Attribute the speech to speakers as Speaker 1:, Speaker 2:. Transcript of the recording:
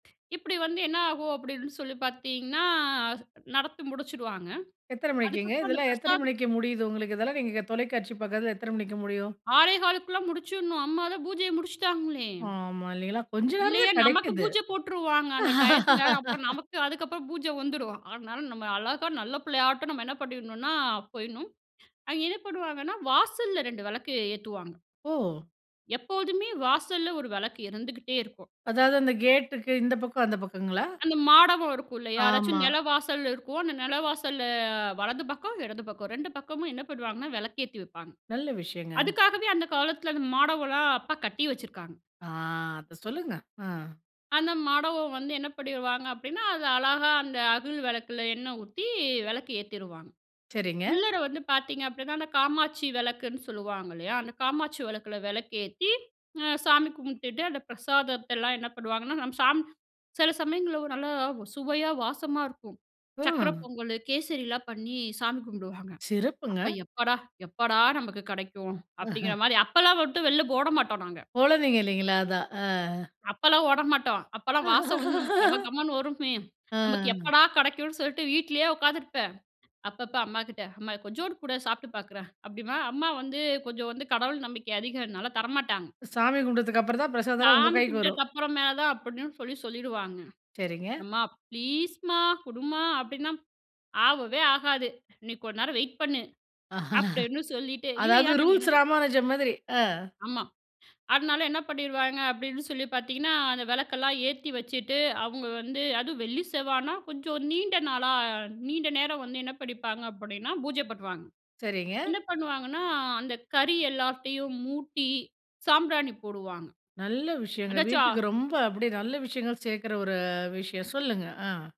Speaker 1: இப்பிடி வந்து என்ன ஆகும் அப்பிடின்னு சொல்லி பார்த்தீங்கன்னா, நடத்தி முடிச்சிடுவாங்க.
Speaker 2: எத்தனை மணிக்குங்க?
Speaker 1: அதுக்கப்புறம் அந்த
Speaker 2: இதெல்லாம் எத்தனை
Speaker 1: பிரசாதம்
Speaker 2: மணிக்கு முடியுது? உங்களுக்கு இதெல்லாம் நீங்க தொலைக்காட்சி பாக்கத்தில எத்தன மணிக்கு முடியும்?
Speaker 1: 6 1/4குள்ள முடிச்சிடணும். அம்மா தான் பூஜைய முடிச்சுட்டாங்களே!
Speaker 2: ஆமா. இல்லீங்களா? கொஞ்சம் நேரம்
Speaker 1: இல்லையே.
Speaker 2: தான்
Speaker 1: நமக்கு
Speaker 2: கிடைக்குது.
Speaker 1: பூஜை போட்டுருவாங்க, அந்த டயத்தில. அப்புறம் நமக்கு அதுக்கப்புறம் பூஜை வந்துரும். அதனால நம்ம அழகா நல்ல புள்ளையாட்டும் நம்ம என்ன பண்ணிடணுனா? போயிடணும். அவிங்க என்ன பண்ணுவாங்கன்னா, வாசல்ல 2 விளக்க ஏத்துவாங்க.
Speaker 2: ஓ!
Speaker 1: எப்போதுமே வாசல்ல 1 விளக்கு இருந்துகிட்டே இருக்கும்.
Speaker 2: அதாவது, அந்த கேட்டுக்கு இந்த பக்கம், அந்த பக்கங்களா?
Speaker 1: அந்த மாடமும் இருக்கும், இல்லையா? யாராச்சும்
Speaker 2: ஆமா.
Speaker 1: நில வாசல் இருக்கும். அந்த நிலவாசல்ல வலது பக்கம், இடது பக்கம். 2 பக்கமும் என்ன பண்ணுவாங்கன்னா, விளக்கேத்தி வைப்பாங்க.
Speaker 2: நல்ல விஷயங்க.
Speaker 1: அதுக்காகவே அந்த காலத்தில அந்த மாடமலாம் அப்பா கட்டி வச்சிருக்காங்க.
Speaker 2: ஆ. அத சொல்லுங்க. அ.
Speaker 1: அந்த மாடம் வந்து என்ன பண்ணிடுவாங்க? அப்படினா, அது அழகா அந்த அகல் விளக்கில எண்ணெய் ஊத்தி விளக்கு ஏத்திருவாங்க.
Speaker 2: சரிங்க.
Speaker 1: உள்ளற வந்து பார்த்தீங்க அப்பிடின்னா, அந்த காமாட்சி விளக்குன்னு சொல்லுவாங்க, இல்லையா? அந்த காமாட்சி விளக்கில விளக்கு ஏத்தி, அ சாமி கும்பிட்டுட்டு அந்த பிரசாதத்தெல்லாம் என்ன பண்ணுவாங்கன்னா? நம்ம சாமி சில சமயங்கள்ல நல்லா சுவையா வாசமா இருக்கும். சக்கரை
Speaker 2: அ.
Speaker 1: பொங்கலு, கேசரிலாம் பண்ணி சாமி கும்பிடுவாங்க. அப்ப,
Speaker 2: சிறப்புங்க.
Speaker 1: எப்படா, எப்படா நமக்கு கிடைக்கும்? அப்பிடிங்கிற மாரி அப்பலாம் மட்டும் வெளில ஓட மாட்டோம், நாங்க.
Speaker 2: குழந்தைங்க இல்லைங்களா? அதான். அ.
Speaker 1: அப்பலாம் ஓட மாட்டோம். அப்பலாம் வாசம் வந்து நமக்கு கம கமன்னு வருமே! நமக்கு
Speaker 2: அ.
Speaker 1: எப்படா கிடைக்கும்னு சொல்ட்டு வீட்டிலேயே உட்காந்துருப்பேன். அப்பப்ப அம்மாகிட்ட, "அம்மா கொஞ்சோடு குடேன். சாப்புட்டு பார்க்குறேன்." அப்பிடீம்பேன், அம்மா வந்து கொஞ்சம் வந்து கடவுள் நம்பிக்கை அதிகன்னால தரமாட்டாங்க.
Speaker 2: சாமி கும்பிட்டதுக்கு அப்பறம் தான், பிரசாதம்லாம் உங்க
Speaker 1: "சாமி
Speaker 2: கைக்கு வரும்.
Speaker 1: கும்பட்டதுக்கு அப்புறமா தான்." அப்படின்னு சொல்லி சொல்லிடுவாங்க.
Speaker 2: சரிங்க.
Speaker 1: "அம்மா ப்ளீஸ்மா! குடும்மா." அப்பிடின்னா, "ஆவவே ஆகாது. நீ கொஞ்ச நேரம் வெயிட் பண்ணு." அப்பிடின்னு சொல்லிட்டு. இல்லையா,
Speaker 2: அதாவது
Speaker 1: நாங்க என்ன
Speaker 2: ரூல்ஸ் ராமானுஜம் மாதிரி. அ.
Speaker 1: ஆமா. அதனால என்ன பண்ணிருவாங்க. அப்பிடின்னு சொல்லி பார்த்தீங்கன்னா, அந்த விளக்கெல்லாம் ஏத்தி வச்சுட்டு, அவங்க வந்து அதுவும் வெள்ளி, செவ்வாய்னால கொஞ்சம் நீண்ட நாளா நீண்ட நேரம் வந்து என்ன பண்ணிப்பாங்க அப்படின்னா, பூஜை பண்ணுவாங்க
Speaker 2: சரிங்க.
Speaker 1: என்ன பண்ணுவாங்கன்னா? அந்த கறி எல்லாத்தையும் மூட்டி சாம்பிராணி போடுவாங்க.
Speaker 2: நல்ல விஷயங்க.
Speaker 1: அதாச்சா
Speaker 2: வீட்டுக்கு ரொம்ப அப்படியே நல்ல விஷயங்கள் சேர்க்கிற ஒரு விஷயம் சொல்லுங்க. அ.